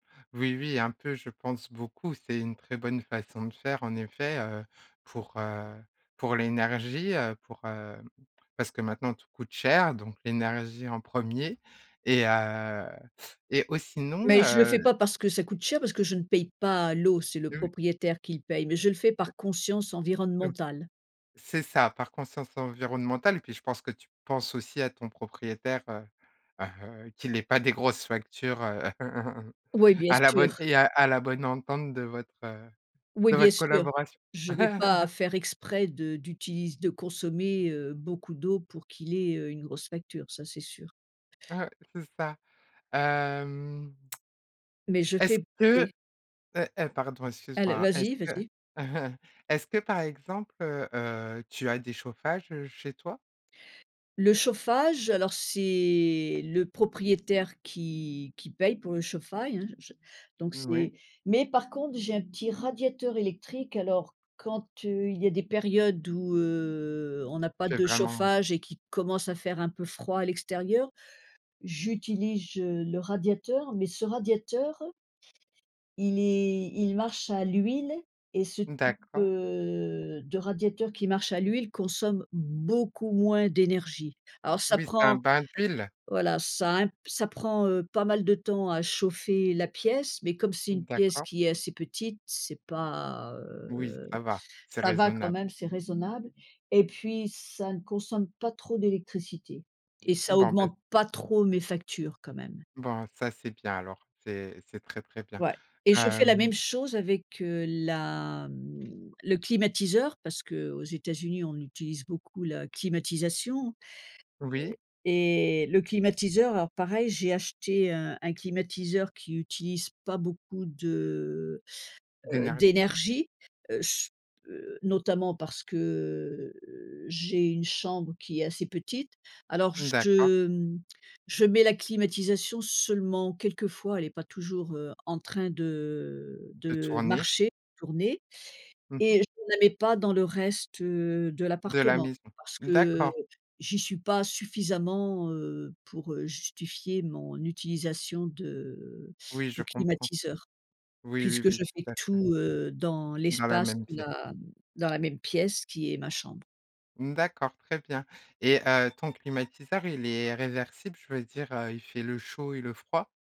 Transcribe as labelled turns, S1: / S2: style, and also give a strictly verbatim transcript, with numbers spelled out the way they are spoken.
S1: Oui, oui, un peu, je pense beaucoup, c'est une très bonne façon de faire, en effet, heu, pour, heu, pour l'énergie, heu, pour, heu, parce que maintenant, tout coûte cher, donc l'énergie en premier et heu, et ou sinon,
S2: Mais je le
S1: heu
S2: fais pas parce que ça coûte cher, parce que je ne paye pas l'eau, c'est le
S1: [unintelligible]
S2: propriétaire qui le paye, mais je le fais par conscience
S1: Heu,
S2: environnementale.
S1: c'est ça, par conscience environnementale, puis, je pense que tu penses aussi à ton propriétaire, heu heu, qu'il ait pas des grosses factures, heu.
S2: Oui, bien
S1: À la bonne
S2: sûr.
S1: et à à la bonne entente de votre, heu,
S2: Oui,
S1: de
S2: bien
S1: votre
S2: sûr.
S1: collaboration.
S2: Je vais pas faire exprès de d'utilise de consommer, heu, beaucoup d'eau, pour qu'il ait, heu, une grosse facture, ça c'est sûr.
S1: Ouais. C'est ça. Hem.
S2: Mais je
S1: Est-ce
S2: fais
S1: que,
S2: oui.
S1: heu heu, pardon,
S2: Alle
S1: excuse-moi, est-ce
S2: vas-y,
S1: que
S2: vas-y.
S1: est-ce que, par exemple, heu heu, tu as des chauffages, heu, chez toi?
S2: Le chauffage, alors c'est le propriétaire qui qui paye pour le chauffail hein, je je donc
S1: Oui.
S2: c'est mais par contre j'ai un petit radiateur électrique, alors quand, heu, il y a des périodes où, heu, on n'a pas
S1: Tu es
S2: de
S1: vraiment, heu
S2: chauffage et qui commence à faire un peu froid à l'extérieur, j'utilije, heu, le radiateur mais ce radiateur il est il marche à l'huile et ce type,
S1: D'accord.
S2: heu, de radiateur qui marche à l'huile consomme beaucoup moins d'énergie. Alors ça
S1: Oui, c'est un
S2: prend
S1: bain d'huile?
S2: voilà, ça un ça prend, heu, pas mal de temps à chauffer la pièce, mais comme c'est une pièce
S1: D'accord.
S2: qui est assez petite, c'est pas,
S1: Oui,
S2: heu,
S1: ça va. C'est
S2: ça va quand
S1: raisonnable.
S2: même, c'est raisonnable, et puis ça ne consomme pas trop d'électricité et ça
S1: Bon, bah
S2: augmente pas trop mes factures quand même.
S1: Bon, ça, c'est bien, alors. C'est c'est très, très bien.
S2: Ouais et je fais la
S1: Hem
S2: même chose avec, heu, la, mmh, le climatiseur parce qu'aux États-Unis, on utilise beaucoup la climatisation.
S1: Oui?
S2: Heu, et le climatiseur, alors pareil, j'ai acheté un un climatiseur qui utilise pas beaucoup de, heu heu,
S1: D'énergie?
S2: d'énergie. Heu, je, heu, notamment parce que, heu, j'ai une chambre qui est assez petite. Alors
S1: D'accord.
S2: je, mmh, je mets la climatisation seulement quelquefois, elle est pas toujours, heu, en train de, heu,
S1: De
S2: de
S1: tourner.
S2: marcher, tourner
S1: Mmh
S2: et je
S1: mh.
S2: ne la mets pas dans le reste, heu, de
S1: De la
S2: l'appartement
S1: maison.
S2: parce que, heu,
S1: D'accord.
S2: j'y suis pas suffisamment, heu, pour, heu, justifier mon utilisation de
S1: Oui, je
S2: du
S1: comprends.
S2: climatiseur.
S1: Oui, oui,
S2: Puisque
S1: oui,
S2: je fais
S1: tout à fait.
S2: tout, heu, dans
S1: Dans la
S2: l'espace
S1: même pièce.
S2: la dans la même pièce qui est ma chambre.
S1: D'accord, très bien, et heu, ton climatiseur il est réversible? Je veux dire, heu, il fait le chaud et le froid?